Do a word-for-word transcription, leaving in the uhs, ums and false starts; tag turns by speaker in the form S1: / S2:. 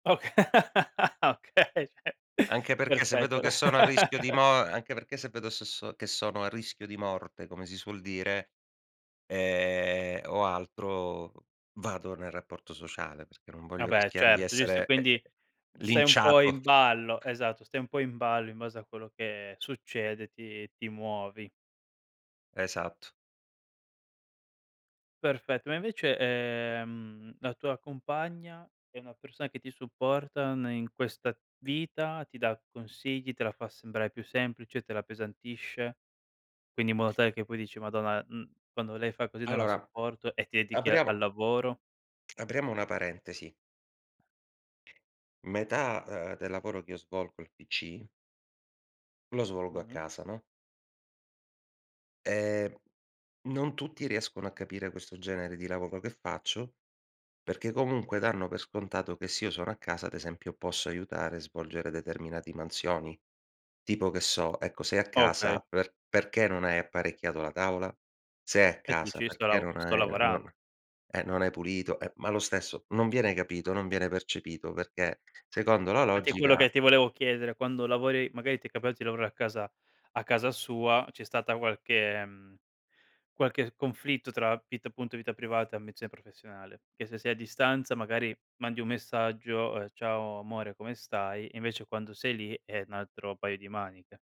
S1: Ok Ah, okay, ceh.
S2: Anche perché se vedo
S1: Perfetto.
S2: che sono a rischio di mo anche perché se vedo se so che sono a rischio di morte, come si suol dire, ehm, o altro, vado nel rapporto sociale, perché non voglio
S1: Vabbè
S2: rischiare di
S1: certo, giusto.
S2: essere, ehm,
S1: Quindi stai un po'
S2: linciato.
S1: in ballo esatto. Stai un po' in ballo, in base a quello che succede ti ti muovi.
S2: Esatto.
S1: Perfetto. Ma invece, ehm, la tua compagna è una persona che ti supporta ne in questa vita, ti dà consigli, te la fa sembrare più semplice, te la appesantisce? Quindi in modo tale che poi dici: "Madonna, mhmm, quando lei fa così non la
S2: Allora
S1: sopporto." E ti dedichi a al
S2: apriamo
S1: lavoro.
S2: apriamo una parentesi metà, uhm, del lavoro che io svolgo al PC lo svolgo a
S1: Mh-mh.
S2: casa, no. Ehm, non tutti riescono a capire questo genere di lavoro che faccio, perché comunque danno per scontato che se io sono a casa, ad esempio, posso aiutare e svolgere determinati mansioni, tipo che so, ecco: "Sei a
S1: Okay.
S2: casa, per perché non hai apparecchiato la tavola? Sei a
S1: E tu dici:
S2: casa,
S1: "Io sto
S2: perché
S1: lavo
S2: non hai
S1: sto
S2: ehm,
S1: lavoran"
S2: non eh, non hai pulito?" Eh, ma lo stesso non viene capito, non viene percepito, perché secondo la
S1: Fatti è quello
S2: logica
S1: che ti volevo chiedere, quando lavori magari ti è capiato di lavorare a casa a casa sua, c'è stata qualche mhmm, qualche conflitto tra vita appunto vita privata e ambizione professionale? Che se sei a distanza, magari mandi un messaggio, ehm: "Ciao amore, come stai?" Invece quando sei lì è un altro paio di maniche.